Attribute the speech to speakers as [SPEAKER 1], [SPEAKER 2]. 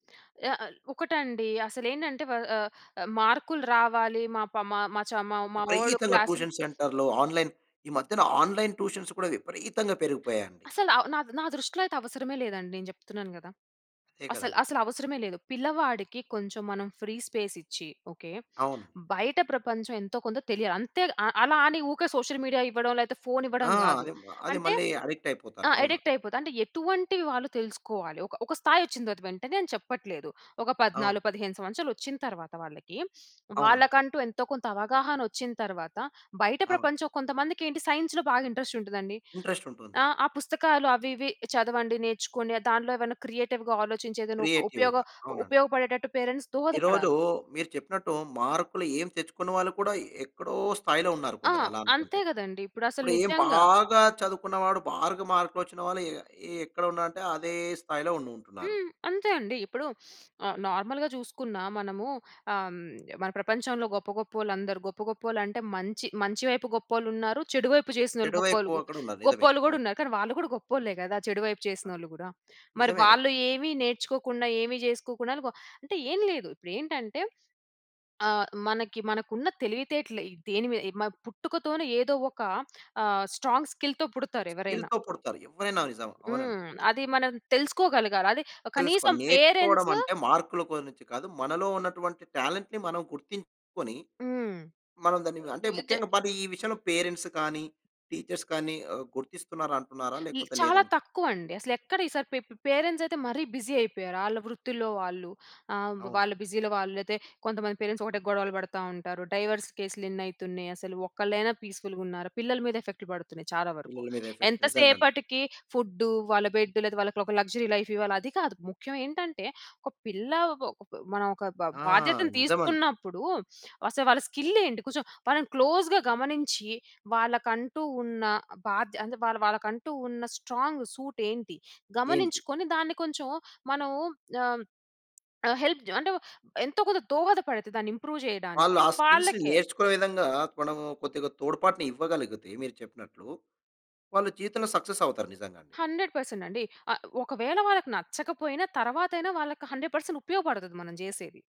[SPEAKER 1] ఆహ్, ఆహ్, ఒకటండి. అసలు ఏంటంటే వ ఆహ్, మార్కులు రావాలి. మా పా మా మా చ మ మావోడు
[SPEAKER 2] విపరీతంగా
[SPEAKER 1] క్లాస్
[SPEAKER 2] ట్యూషన్ సెంటర్లు, ఆన్‌లైన్ ఈ మధ్యన ఆన్‌లైన్ ట్యూషన్స్ కూడా విపరీతంగా పెరిగిపోయాయండి.
[SPEAKER 1] అసలు ఆహ్, నా నా దృష్టిలో అయితే అవసరమే లేదండి. నేను జెప్తున్నాను గదా!
[SPEAKER 2] అదే
[SPEAKER 1] అసలు,
[SPEAKER 2] కదండీ.
[SPEAKER 1] అసలు అవసరమే లేదు. పిల్లవాడికి కొంచెం మనం ఫ్రీ స్పేస్ ఇచ్చి ఓకే.
[SPEAKER 2] అవును.
[SPEAKER 1] బయట ప్రపంచం ఎంతో కొంత తెలియాలి. అంతే ఆహ్, అలా అని ఊరికే సోషల్ మీడియా ఇవ్వడం లేకపోతే ఫోన్ ఇవ్వడం
[SPEAKER 2] ఆ!
[SPEAKER 1] గాదు.
[SPEAKER 2] అది అది
[SPEAKER 1] అంటే
[SPEAKER 2] మళ్ళీ అడిక్ట్ అయిపోతారు.
[SPEAKER 1] ఆ!
[SPEAKER 2] అవును.
[SPEAKER 1] అడిక్ట్ అయిపోతుంది. అంటే ఎటువంటి వాళ్ళు తెలుసుకోవాలి. ఒక ఒక స్థాయి వచ్చిన తరువాత వెంటనే అని చెప్పట్లేదు. ఒక
[SPEAKER 2] అవును.
[SPEAKER 1] 14, 15 సంవత్సరాలు వచ్చిన తరువాత వాళ్ళకి,
[SPEAKER 2] అవునండి.
[SPEAKER 1] వాళ్ళకంటూ ఎంతో కొంత అవగాహన వచ్చిన తరువాత బయట
[SPEAKER 2] అవును.
[SPEAKER 1] ప్రపంచం కొంతమందికి ఏంటి సైన్స్‌లో బాగా ఇంట్రెస్ట్ ఉంటదండి.
[SPEAKER 2] ఇంట్రెస్ట్ ఉంటుంది.
[SPEAKER 1] ఆహ్, ఆ పుస్తకాలు అవి ఇవి చదవండి నేర్చుకొని దాంట్లో ఏమైనా క్రియేటివ్‌గా ఆలోచించి ఏదైనా ఒక ఉపయోగ
[SPEAKER 2] క్రియేటివ్‌గా అవునండి.
[SPEAKER 1] ఉపయోగపడేటట్టు పేరెంట్స్
[SPEAKER 2] ఈరోజు
[SPEAKER 1] దోహదపడాలి.
[SPEAKER 2] మీరు చెప్పినట్టు మార్కులు ఏం తెచ్చుకున్న వాళ్ళు కూడా, ఎక్కడో స్థాయిలో ఉన్నారు
[SPEAKER 1] ఆ!
[SPEAKER 2] కొందరు అలా
[SPEAKER 1] అంతే
[SPEAKER 2] అనుకుంటే.
[SPEAKER 1] గదండి. ఇప్పుడు అసలు
[SPEAKER 2] ఇప్పుడు ఏం
[SPEAKER 1] నిజంగా.
[SPEAKER 2] బాగా చదువుకున్నవాడు బాగా మార్కులు వచ్చిన వాళ్ళు ఎ ఎ ఎక్కడ ఉన్నారంటే అదే స్థాయిలో ఉండుంటున్నారు.
[SPEAKER 1] హ్మ్. అంతే అండి. ఇప్పుడు ఆహ్, నార్మల్‌గా జూసుకున్న మనము ఆహ్, మన ప్రపంచంలో గొప్ప, గొప్పోళ్ళు అందరూ గొప్ప గొప్పోళ్ళు అంటే మంచి మంచి వైపు గొప్పోళ్ళు ఉన్నారు. చెడు వైపు జేసినోళ్ళు
[SPEAKER 2] చెడు
[SPEAKER 1] గొప్పళ్
[SPEAKER 2] వైపు అక్కడున్నారు. నిజమే.
[SPEAKER 1] గొప్పోళ్ళు గూడా
[SPEAKER 2] అవును.
[SPEAKER 1] ఉన్నారు. కానీ వాళ్ళు గూడా గొప్పోళ్ళే గదా! చెడు వైపు
[SPEAKER 2] ఆ!
[SPEAKER 1] చేసినోళ్ళు కూడా. మరి
[SPEAKER 2] నిజమే
[SPEAKER 1] వాళ్ళు
[SPEAKER 2] గదా!
[SPEAKER 1] ఏమి నేర్చుకోకుండా ఏమి చేసుకోకుండా వ అంటే ఏం లేదు. ఇప్పుడు ఏంటంటే ఆహ్, మనకి మనకున్న తెలివితేటలు దేని మీద పుట్టుకతోనే ఏదో ఒక ఆహ్, స్ట్రాంగ్ స్కిల్‌తో పుడతారు ఎవరైనా.
[SPEAKER 2] స్కిల్‌తో పుడతారు ఎవరైనా. నిజం. అవునండి.
[SPEAKER 1] హ్మ్. అది మనం తెలుసుకోగలగాలి. అది
[SPEAKER 2] తెలుసుకోవాలి.
[SPEAKER 1] కనీసం
[SPEAKER 2] నేర్చుకోవడం
[SPEAKER 1] పేరెంట్సు
[SPEAKER 2] అంటే, మార్కుల గురించి కాదు. మనలో ఉన్నటువంటి టాలెంట్‌ని మనం గుర్తించుకొని.
[SPEAKER 1] హ్మ్.
[SPEAKER 2] మనం దాన్ని అంటే ముఖ్యంగా పది ఈ విషయంలో పేరెంట్స్ కానీ, టీచర్స్ కానీ ఆహ్, గుర్తిస్తున్నారా అంటున్నారా
[SPEAKER 1] ఇ
[SPEAKER 2] లేకపోతే లేదా?
[SPEAKER 1] చాలా తక్కువ అండి. అసలు ఎక్కడ ఈసారి పే పేరెంట్స్ అయితే మరీ బిజీ అయిపోయారు. ఆళ్ళ వృత్తిలో వాళ్ళు ఆహ్,
[SPEAKER 2] అవును.
[SPEAKER 1] వాళ్ళ బిజీలో వాళ్ళు అయితే కొంతమంది పేరెంట్స్ ఒకటే గొడవలు పడతా ఉంటారు. డైవోర్స్ కేసులేన్ని అయితున్నాయి అసలు. ఒక్కలైనా పీస్ఫుల్గున్నార పిల్లల మీద ఎఫెక్ట్‌లు పడుతున్నాయి చాలా వరకు.
[SPEAKER 2] పిల్లల మీద ఎఫెక్ట్
[SPEAKER 1] ఎంత
[SPEAKER 2] నిజంగండి.
[SPEAKER 1] సేపటికి ఫుడ్డు వాళ్ళ బెడ్ లేదా వాళ్ళకి లక్సరీ లైఫ్ ఇవ్వాలి. అది కాదు ముఖ్యం ఏంటంటే ఒక పిల్ల ఒ ప్ మనం ఒక బా
[SPEAKER 2] ఆ!
[SPEAKER 1] బాధ్యతను
[SPEAKER 2] నిజం అండి.
[SPEAKER 1] తీసుకున్నప్పుడు. అసలు వాళ్ళ స్కిల్ ఏంటి? కొంచెం వాళ్ళని క్లోజ్‌గా గమనించి వాళ్ళకంటూ ఉన్న బాధ్య అంటే వా వాళ్ళకంటూ ఉన్న స్ట్రాంగ్ సూట్ ఏంటి?
[SPEAKER 2] ఏంటి
[SPEAKER 1] గమనించుకొని దాన్ని కొంచెం మనం ఆహ్, ఆహ్, హెల్ప్ అంటే ఎంతో కొంత దోహద పడితే దాన్ని ఇంప్రూవ్
[SPEAKER 2] వాళ్ళు
[SPEAKER 1] జేయడానికి
[SPEAKER 2] ఆ స్కిల్స్
[SPEAKER 1] వాళ్ళకే
[SPEAKER 2] నేర్చుకునే విధంగా మనం కొద్దిగా తోడ్పాటు ఇవ్వగలిగితే మీరు చెప్పినట్లు, వాళ్ళు జీవితంలో సక్సెస్ అవుతారు నిజంగా అండి.
[SPEAKER 1] 100% అండి. ఆహ్, ఒకవేళ వాళ్ళకి నచ్చకపోయినా తర్వాతైనా వాళ్ళకి 100% ఉపయోగపడుతది మనం జేసేది.